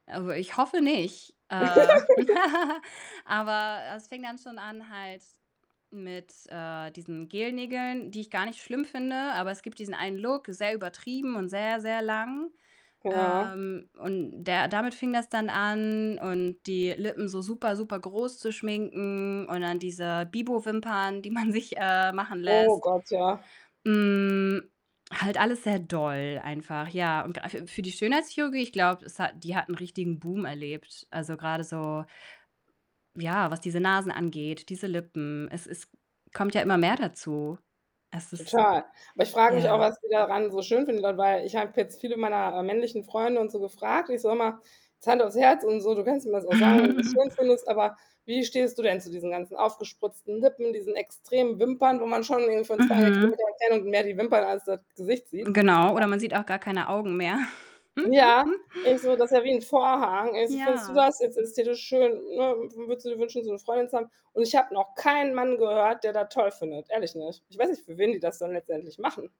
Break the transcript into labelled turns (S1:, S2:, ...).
S1: Also, ich hoffe nicht. Äh, aber es fing dann schon an halt mit, äh, diesen Gelnägeln, die ich gar nicht schlimm finde. Aber es gibt diesen einen Look, sehr übertrieben und sehr, sehr lang.
S2: Boah.
S1: Ähm, und der damit fing das dann an und die Lippen so super, super groß zu schminken und dann diese Bibo-Wimpern, die man sich, äh, machen
S2: Oh
S1: lässt.
S2: Gott, ja.
S1: Hm, halt alles sehr doll einfach, ja, und a für für die Schönheitschirurgie, ich glaube, es hat die hat 'n richtigen Boom erlebt. Also grade so, ja, was diese Nasen angeht, diese Lippen, es es kommt ja immer mehr dazu es ist
S2: Total. Aber ich frag mich auch,
S1: ja.
S2: was die daran so schön finden dabei ich habe jetzt viele meiner, äh, männlichen Freunde und so gefragt. Ich so immer: „Jetzt hand aufs Herz und so, du kannst mir das auch sagen, wenn du das schön findest, aber wie stehst du denn zu diesen ganzen aufgespritzten Lippen, diesen extremen Wimpern, wo man schon irgendwie von 2
S1: Mhm.
S2: Kilometer Entfernung mehr die Wimpern als das Gesicht sieht?“,
S1: Genau.
S2: ja.
S1: Oder man sieht auch gar keine Augen mehr
S2: Ja, ich so, das ist ja wie 'n Vorhang. „Also, findest du
S1: Ja.
S2: das i ist ist dir das schön, ne? W würdest du dir wünschen, so 'ne Freundin zu haben?“ Und ich habe noch keinen Mann gehört, der das toll findet, ehrlich nicht. Ich weiß nicht, für wen die das dann letztendlich machen.